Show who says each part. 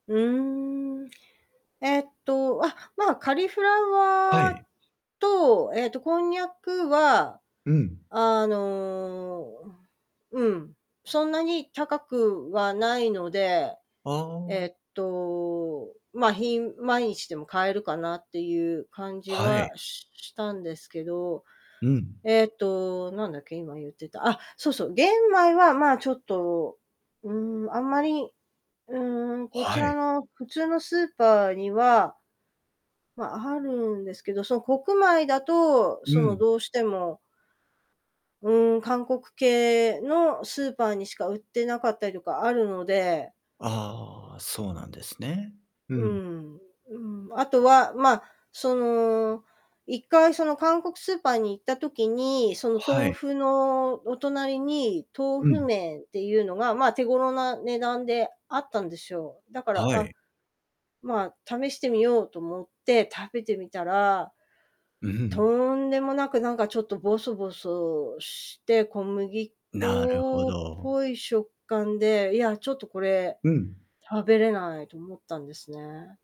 Speaker 1: うーん、えっと、あ、まあ、カリフラ
Speaker 2: は
Speaker 1: ワー
Speaker 2: い。
Speaker 1: と、えっと、こんにゃくは、
Speaker 2: うん。
Speaker 1: あの、うん、うん、そんなに高くはないので、
Speaker 2: あ
Speaker 1: え
Speaker 2: あ。
Speaker 1: っと、まあ、ひん毎日でも買えるかなっていう感じ
Speaker 2: は
Speaker 1: は
Speaker 2: い。
Speaker 1: ししたんですけど、
Speaker 2: うん。
Speaker 1: えっと、なんだっけ、今言ってた。あっ、そうそう、玄米はまあ、ちょっと、うーん、あんまり、うーん、こち
Speaker 2: は
Speaker 1: ら
Speaker 2: い。
Speaker 1: の普通のスーパーには、まあ、あるんですけど、その国米だと、
Speaker 2: う
Speaker 1: その
Speaker 2: ん。
Speaker 1: どうしてもうーん、韓国系のスーパーにしか売ってなかったりとかあるので
Speaker 2: ああ、そうなんですね。う
Speaker 1: う
Speaker 2: ん。
Speaker 1: ん、うん、あとはまあ、その、1回その韓国スーパーに行った時に、その
Speaker 2: は
Speaker 1: 豆
Speaker 2: い。
Speaker 1: 腐のお隣に豆
Speaker 2: う
Speaker 1: 腐
Speaker 2: ん。
Speaker 1: 麺っていうのがまあ、手頃な値段であったんですよ。だから、
Speaker 2: は
Speaker 1: あ、
Speaker 2: い。
Speaker 1: まあ、試してみようと思って食べてみたら、
Speaker 2: うんうんうん。
Speaker 1: とんでもなくなんかちょっとぼそぼそして、小麦
Speaker 2: なるほ
Speaker 1: 粉っ
Speaker 2: ど。
Speaker 1: ぽい食感で、いやちょっとこれ
Speaker 2: うん。
Speaker 1: 食べれないと思ったんですね。